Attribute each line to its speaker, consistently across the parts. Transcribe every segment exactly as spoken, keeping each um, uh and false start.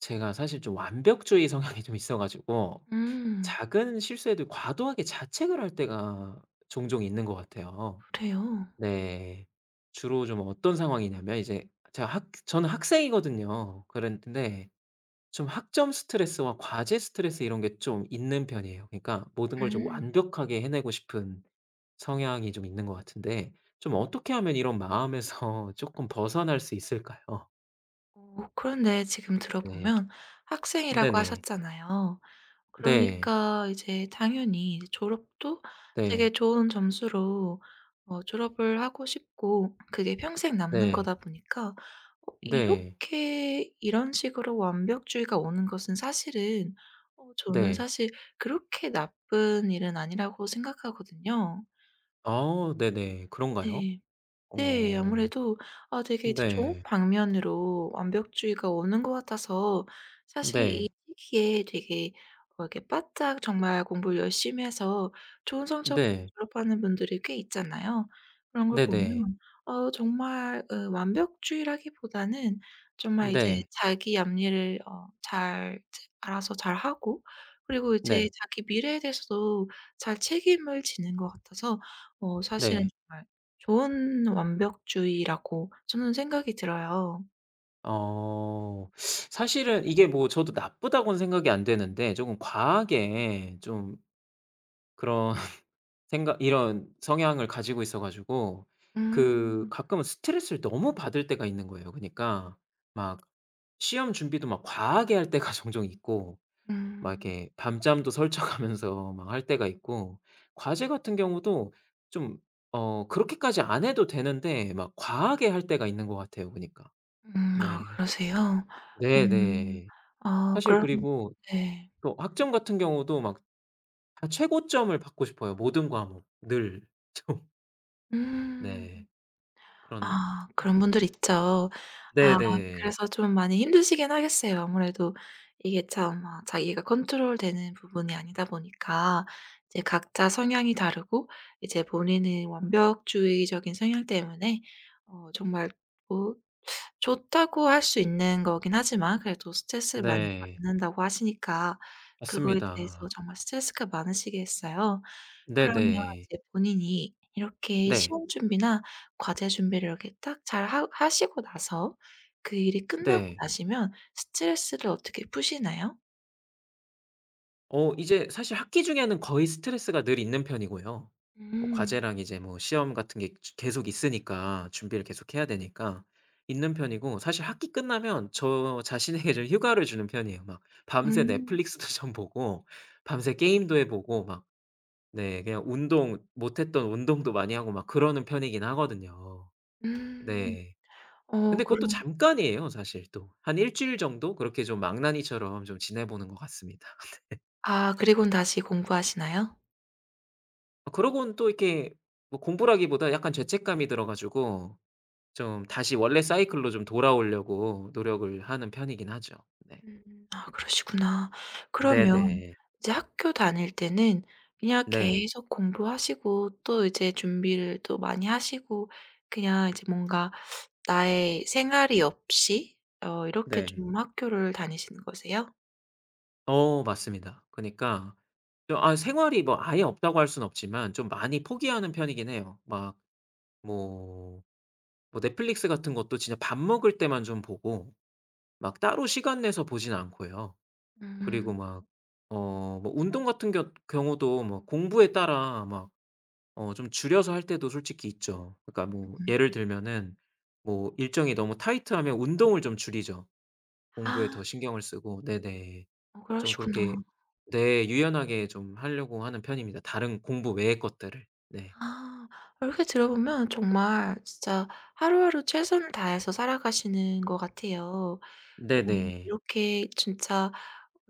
Speaker 1: 제가 사실 좀 완벽주의 성향이 좀 있어 가지고
Speaker 2: 음.
Speaker 1: 작은 실수해도 과도하게 자책을 할 때가 종종 있는 것 같아요.
Speaker 2: 그래요?
Speaker 1: 네. 주로 좀 어떤 상황이냐면 이제 제가 학 저는 학생이거든요. 그런데 좀 학점 스트레스와 과제 스트레스 이런 게 좀 있는 편이에요. 그러니까 모든 걸 좀
Speaker 2: 음.
Speaker 1: 완벽하게 해내고 싶은 성향이 좀 있는 것 같은데 좀 어떻게 하면 이런 마음에서 쪼끔 벗어날 수 있을까요?
Speaker 2: 어 그런데 지금 들어
Speaker 1: 네.
Speaker 2: 보면 학생이라고
Speaker 1: 네네.
Speaker 2: 하셨잖아요.
Speaker 1: 네.
Speaker 2: 그러니까 이제 당연히 졸업도 되게
Speaker 1: 네.
Speaker 2: 좋은 점수로 어 졸업을 하고 싶고 그게 평생 남는
Speaker 1: 네.
Speaker 2: 거다 보니까 어
Speaker 1: 네.
Speaker 2: 이렇게 이런 식으로 완벽주의가 오는 것은 사실은 어 저는
Speaker 1: 네.
Speaker 2: 사실 그렇게 나쁜 일은 아니라고 생각하거든요.
Speaker 1: 어 네네. 그런가요?
Speaker 2: 네. 네.
Speaker 1: 어.
Speaker 2: 아무래도 아 되게 좋 좋은
Speaker 1: 네.
Speaker 2: 방면으로 완벽주의가 오는 것 같아서 사실 이
Speaker 1: 네.
Speaker 2: 시기에 되게 어 이렇게 바짝 정말 공부를 열심히 해서 좋은 성적
Speaker 1: 네.
Speaker 2: 졸업하는 분들이 꽤 있잖아요. 그런 걸
Speaker 1: 네네.
Speaker 2: 보면 어 정말 으 완벽주의라기보다는 정말 이제
Speaker 1: 네.
Speaker 2: 자기 앞일을 어 잘 체 알아서 잘하고 그리고 이제
Speaker 1: 네.
Speaker 2: 자기 미래에 대해서도 잘 책임을 지는 것 같아서 어 사실은
Speaker 1: 네.
Speaker 2: 정말 좋은 완벽주의라고 저는 생각이 들어요.
Speaker 1: 어 사실은 이게 뭐 저도 나쁘다고는 생각이 안 되는데 좀 과하게 좀 그런 생각 이런 성향을 가지고 있어 가지고 그
Speaker 2: 음.
Speaker 1: 가끔은 스트레스를 너무 받을 때가 있는 거예요. 그니까 막 시험 준비도 막 과하게 할 때가 종종 있고 막
Speaker 2: 음.
Speaker 1: 이렇게 밤잠도 설쳐 가면서 막 할 때가 있고 과제 같은 경우도 좀 어 그렇게까지 안 해도 되는데 막 과하게 할 때가 있는 것 같아요 그니까.
Speaker 2: 음 아
Speaker 1: 네.
Speaker 2: 그러세요?
Speaker 1: 네
Speaker 2: 음
Speaker 1: 네.
Speaker 2: 아
Speaker 1: 사실
Speaker 2: 그럼
Speaker 1: 그리고
Speaker 2: 네.
Speaker 1: 또 학점 같은 경우도 막 최고점을 받고 싶어요 모든 과목 늘 좀.
Speaker 2: 음
Speaker 1: 네. 그런
Speaker 2: 아. 그런 분들 있죠. 아
Speaker 1: 네 네.
Speaker 2: 그래서 좀 많이 힘드시긴 하겠어요. 아무래도 이게 참 아 자기가 컨트롤 되는 부분이 아니다 보니까 이제 각자 성향이 다르고 이제 본인의 완벽주의적인 성향 때문에 어 정말 뭐 좋다고 할 수 있는 거긴 하지만 그래도 스트레스를 많이
Speaker 1: 네.
Speaker 2: 받는다고 하시니까 그거에 대해서
Speaker 1: 맞습니다.
Speaker 2: 정말 스트레스가 많으시겠어요.
Speaker 1: 네
Speaker 2: 그러면
Speaker 1: 네.
Speaker 2: 이제 본인이 이렇게
Speaker 1: 네.
Speaker 2: 시험 준비나 과제 준비를 이렇게 딱 잘 하 하시고 나서 그 일이 끝나고
Speaker 1: 네.
Speaker 2: 나시면 스트레스를 어떻게 푸시나요?
Speaker 1: 어 이제 사실 학기 중에는 거의 스트레스가 늘 있는 편이고요. 뭐
Speaker 2: 음.
Speaker 1: 과제랑 이제 뭐 시험 같은 게 즈 계속 있으니까 준비를 계속 해야 되니까 있는 편이고 사실 학기 끝나면 저 자신에게 좀 휴가를 주는 편이에요 막. 밤새
Speaker 2: 음.
Speaker 1: 넷플릭스도 좀 보고 밤새 게임도 해 보고 막 네. 그냥 운동 못 했던 운동도 많이 하고 막 그러는 편이긴 하거든요.
Speaker 2: 음
Speaker 1: 네.
Speaker 2: 어
Speaker 1: 근데 그것도
Speaker 2: 그럼
Speaker 1: 잠깐이에요 사실 또. 한 일 주일 정도 그렇게 좀 망나니처럼 지내보는 것 같습니다. 네.
Speaker 2: 아 그리고는 다시 공부하시나요?
Speaker 1: 아 그러고는 또 이렇게 뭐 공부라기보다 약간 죄책감이 들어 가지고 좀 다시 원래 사이클로 좀 돌아오려고 노력을 하는 편이긴 하죠. 네.
Speaker 2: 음 아 그러시구나.
Speaker 1: 네
Speaker 2: 그러면
Speaker 1: 네.
Speaker 2: 이제 학교 다닐 때는 그냥
Speaker 1: 네.
Speaker 2: 계속 공부하시고 또 이제 준비를 또 많이 하시고 그냥 이제 뭔가 나의 생활이 없이 어 이렇게
Speaker 1: 네.
Speaker 2: 좀 학교를 다니시는 거세요?
Speaker 1: 어 맞습니다. 그니까 아 생활이 뭐 아예 없다고 할 수는 없지만 좀 많이 포기하는 편이긴 해요. 막 뭐 뭐 넷플릭스 같은 것도 진짜 밥 먹을 때만 좀 보고 막 따로 시간 내서 보지는 않고요. 그리고
Speaker 2: 음.
Speaker 1: 막 어 뭐 운동 같은 겨 경우도 뭐 공부에 따라 막 어 좀 줄여서 할 때도 솔직히 있죠. 그니까 뭐 예를
Speaker 2: 음.
Speaker 1: 들면은 뭐 일정이 너무 타이트하면 운동을 좀 줄이죠 공부에
Speaker 2: 아.
Speaker 1: 더 신경을 쓰고. 네네.
Speaker 2: 어
Speaker 1: 좀 그렇게
Speaker 2: 그러시구나.
Speaker 1: 네. 유연하게 좀 하려고 하는 편입니다 다른 공부 외의 것들을. 네.
Speaker 2: 아 이렇게 들어 보면 정말 진짜 하루하루 최선을 다해서 살아가시는 것 같아요. 어
Speaker 1: 네 네.
Speaker 2: 이렇게 진짜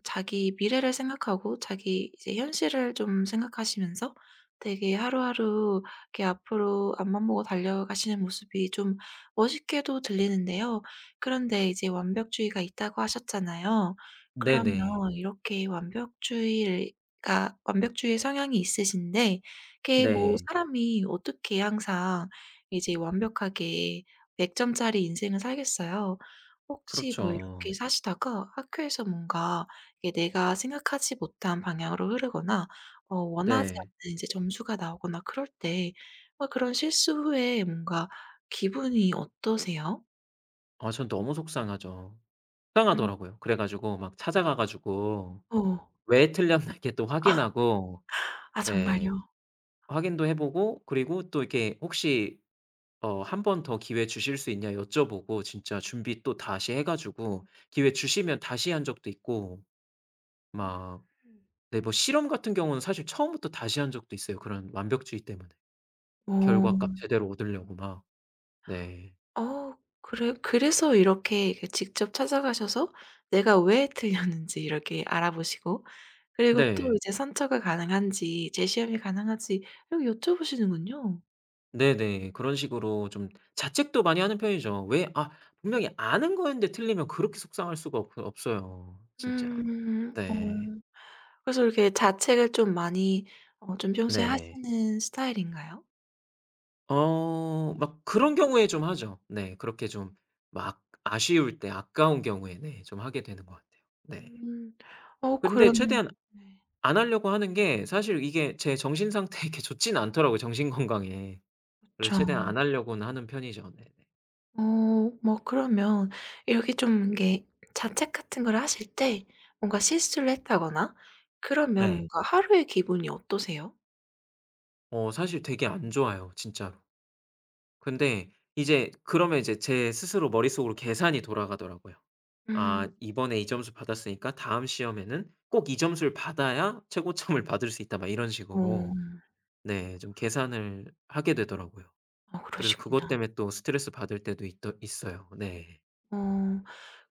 Speaker 2: 자기 미래를 생각하고 자기 이제 현실을 좀 생각하시면서 되게 하루하루 앞으로 앞만 보고 달려가시는 모습이 좀 멋있게도 들리는데요. 그런데 이제 완벽주의가 있다고 하셨잖아요.
Speaker 1: 네
Speaker 2: 그러면
Speaker 1: 네.
Speaker 2: 이렇게 완벽주의가 완벽주의 성향이 있으신데 그게 뭐
Speaker 1: 네.
Speaker 2: 사람이 어떻게 항상 이제 완벽하게 백 점짜리 인생을 살겠어요. 혹시 뭐 이렇게
Speaker 1: 그렇죠.
Speaker 2: 사시다가 학교에서 뭔가 이게 내가 생각하지 못한 방향으로 흐르거나 어 원하지
Speaker 1: 네.
Speaker 2: 않는 이제 점수가 나오거나 그럴 때 어 그런 실수 후에 뭔가 기분이 어떠세요?
Speaker 1: 아 전 너무 속상하죠.
Speaker 2: 음.
Speaker 1: 속상하더라고요. 그래 가지고 막 찾아가 가지고
Speaker 2: 어.
Speaker 1: 왜 틀렸나 이렇게 또 확인하고
Speaker 2: 아
Speaker 1: 네
Speaker 2: 정말요?
Speaker 1: 확인도 해 보고 그리고 또 이렇게 혹시 어 '한 번 더 기회 주실 수 있냐.' 여쭤보고 진짜 준비 또 다시 해 가지고 기회 주시면 다시 한 적도 있고 막
Speaker 2: 음음.
Speaker 1: 네 뭐 실험 같은 경우는 사실 처음부터 다시 한 적도 있어요 그런 완벽주의 때문에.
Speaker 2: 어.
Speaker 1: 결과값 제대로 얻으려고 막 네.
Speaker 2: 어 그래 그래서 이렇게 이렇게 직접 찾아가셔서 내가 왜 틀렸는지 이렇게 알아 보시고 그리고 또
Speaker 1: 네.
Speaker 2: 이제 선처가 가능한지, 재시험이 가능한지 이걸 여쭤 보시는군요.
Speaker 1: 네네. 그런 식으로 좀 자책도 많이 하는 편이죠. 왜 아 분명히 아는 거였는데 틀리면 그렇게 속상할 수가 없어 없어요. 진짜.
Speaker 2: 음. 어.
Speaker 1: 네.
Speaker 2: 그래서 이렇게 자책을 좀 많이 어 좀 평소에
Speaker 1: 네.
Speaker 2: 하시는 스타일인가요?
Speaker 1: 어 막 그런 경우에 좀 하죠 네. 그렇게 좀 막 아쉬울 때 아까운 경우에 네 좀 하게 되는 것 같아요. 네.
Speaker 2: 음. 어
Speaker 1: 근데
Speaker 2: 그럼
Speaker 1: 최대한
Speaker 2: 네.
Speaker 1: 안 하려고 하는 게 사실 이게 제 정신상태에 이렇게 좋지는 않더라고요 정신 건강에. 그래서 최대한
Speaker 2: 그쵸.
Speaker 1: 안 하려고는 하는 편이죠. 네네.
Speaker 2: 어 뭐 그러면 이렇게 좀 이렇게 자책 같은 걸 하실 때 뭔가 실수를 했다거나 그러면
Speaker 1: 네.
Speaker 2: 뭔가 하루의 기분이 어떠세요?
Speaker 1: 어 사실 되게 안 좋아요 진짜로. 근데 이제 그러면 이제 제 스스로 머릿속으로 계산이 돌아가더라고요. '아
Speaker 2: 음.
Speaker 1: 이번에 이 점수 받았으니까 다음 시험에는 꼭 이 점수를 받아야 최고점을 받을 수 있다.' 막 이런 식으로
Speaker 2: 어.
Speaker 1: 네. 좀 계산을 하게 되더라고요.
Speaker 2: 아
Speaker 1: 그래서 그것
Speaker 2: 그러시구나.
Speaker 1: 때문에 또 스트레스 받을 때도 있더 있어요. 네.
Speaker 2: 어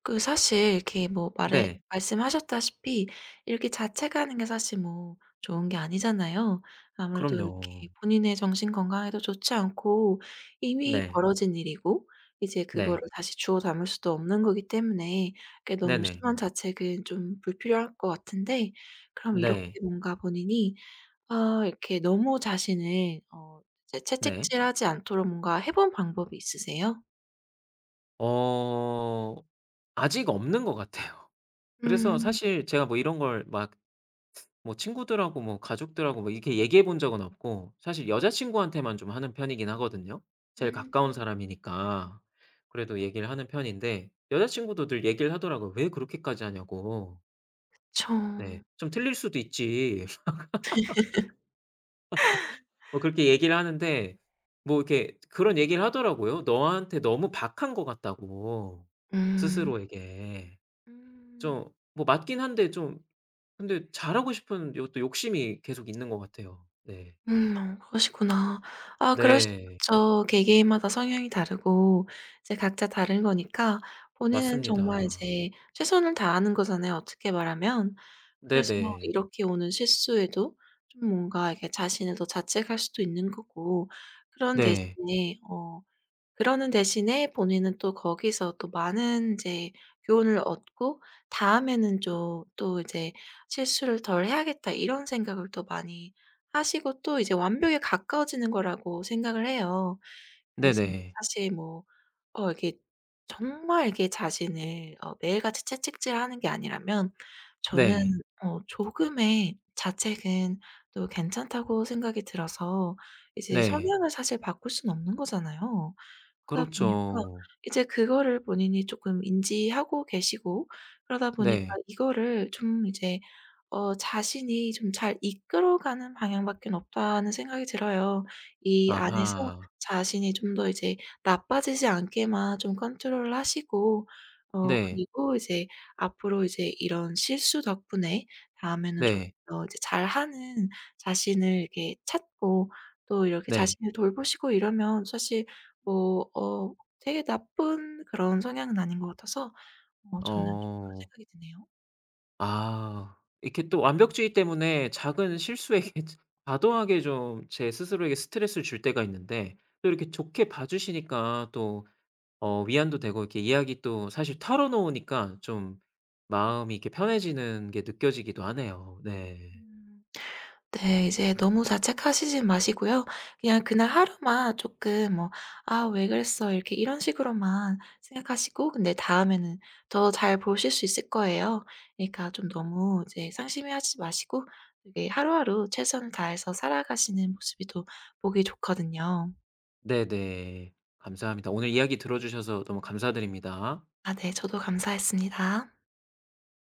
Speaker 2: 그 사실 이렇게 뭐 말해
Speaker 1: 네.
Speaker 2: 말씀하셨다시피 이렇게 자책 하는 게 사실 뭐 좋은 게 아니잖아요. 아무래도
Speaker 1: 그럼요.
Speaker 2: 이렇게 본인의 정신 건강에도 좋지 않고 이미
Speaker 1: 네.
Speaker 2: 벌어진 일이고 이제 그거를
Speaker 1: 네.
Speaker 2: 다시 주워 담을 수도 없는 거기 때문에 그게
Speaker 1: 네
Speaker 2: 너무
Speaker 1: 네.
Speaker 2: 심한 자책은 좀 불필요할 것 같은데 그럼 이렇게
Speaker 1: 네.
Speaker 2: 뭔가 본인이 어 이렇게 너무 자신을 어
Speaker 1: 네.
Speaker 2: 채찍질하지 않도록 뭔가 해 본 방법이 있으세요?
Speaker 1: 어 아직 없는 것 같아요. 그래서
Speaker 2: 음.
Speaker 1: 사실 제가 뭐 이런 걸 막 뭐 친구들하고 뭐 가족들하고 뭐 이렇게 얘기해 본 적은 없고 사실 여자친구한테만 좀 하는 편이긴 하거든요 제일
Speaker 2: 음.
Speaker 1: 가까운 사람이니까. 그래도 얘기를 하는 편인데 여자친구도 늘 얘기를 하더라고요. 왜 그렇게까지 하냐고. 네.
Speaker 2: 그쵸.
Speaker 1: "좀 틀릴 수도 있지." 뭐 그렇게 얘기를 하는데 뭐 이렇게 그런 얘기를 하더라고요. 너한테 너무 박한 것 같다고
Speaker 2: 음.
Speaker 1: 스스로에게.
Speaker 2: 음.
Speaker 1: 좀 뭐 맞긴 한데 좀 근데 잘하고 싶은 요것도 욕심이 계속 있는 것 같아요. 네.
Speaker 2: 음 어 그러시구나. 아 그럴 수
Speaker 1: 네.
Speaker 2: 있죠. 개개인마다 성향이 다르고 이제 각자 다른 거니까 본인은 정말
Speaker 1: 맞습니다.
Speaker 2: 이제 최선을 다하는 거잖아요 어떻게 말하면. 그래서
Speaker 1: 네네.
Speaker 2: 이렇게 오는 실수에도 좀 뭔가 이렇게 자신을 더 자책할 수도 있는 거고 그런
Speaker 1: 네.
Speaker 2: 대신에 어 그러는 대신에 본인은 또 거기서 또 많은 이제 교훈을 얻고 '다음에는 좀 또 이제 실수를 덜 해야겠다.' 이런 생각을 또 많이 하시고 또 이제 완벽에 가까워지는 거라고 생각을 해요. 그래서
Speaker 1: 네네.
Speaker 2: 사실 뭐 어 이게 정말 이게 자신을 어 매일같이 채찍질하는 게 아니라면 저는
Speaker 1: 네.
Speaker 2: 어 조금의 자책은 또 괜찮다고 생각이 들어서 이제
Speaker 1: 네.
Speaker 2: 성향을 사실 바꿀 수는 없는 거잖아요. 그러다 보니까
Speaker 1: 그렇죠.
Speaker 2: 이제 그거를 본인이 쪼끔 인지하고 계시고 그러다 보니까
Speaker 1: 네.
Speaker 2: 이거를 좀 이제 어 자신이 좀 잘 이끌어 가는 방향밖에는 없다는 생각이 들어요. 이 안에서
Speaker 1: 아하.
Speaker 2: 자신이 좀 더 이제 나빠지지 않게만 좀 컨트롤을 하시고 어
Speaker 1: 네.
Speaker 2: 그리고 이제 앞으로 이제 이런 실수 덕분에 다음에는 조금
Speaker 1: 네.
Speaker 2: 더 이제 잘하는 자신을 이렇게 찾고 또 이렇게
Speaker 1: 네.
Speaker 2: 자신을 돌보시고 이러면 사실 뭐 어 되게 나쁜 그런 성향은 아닌 것 같아서 어 저는 좀 그런
Speaker 1: 어.
Speaker 2: 생각이 드네요.
Speaker 1: 아 이렇게 또 완벽주의 때문에 작은 실수에 [unintelligible] 과도하게 좀 제 스스로에게 스트레스를 줄 때가 있는데 또 이렇게 좋게 봐 주시니까 또 어 위안도 되고 이렇게 이야기 또 사실 털어놓으니까 좀 마음이 이렇게 편해지는 게 느껴지기도 하네요. 네.
Speaker 2: 음 네 이제 너무 자책하시진 마시고요. 그냥 그날 하루만 쪼끔 뭐 '아 왜 그랬어.' 이렇게 이런 식으로만 생각하시고 근데 다음에는 더 잘 보실 수 있을 거예요. 그러니까 좀 너무 이제 상심해 하지 마시고 이게 하루하루 최선을 다해서 살아가시는 모습이 또 보기 좋거든요.
Speaker 1: 네 네. 감사합니다. 오늘 이야기 들어 주셔서 너무 감사드립니다.
Speaker 2: 아 네. 저도 감사했습니다.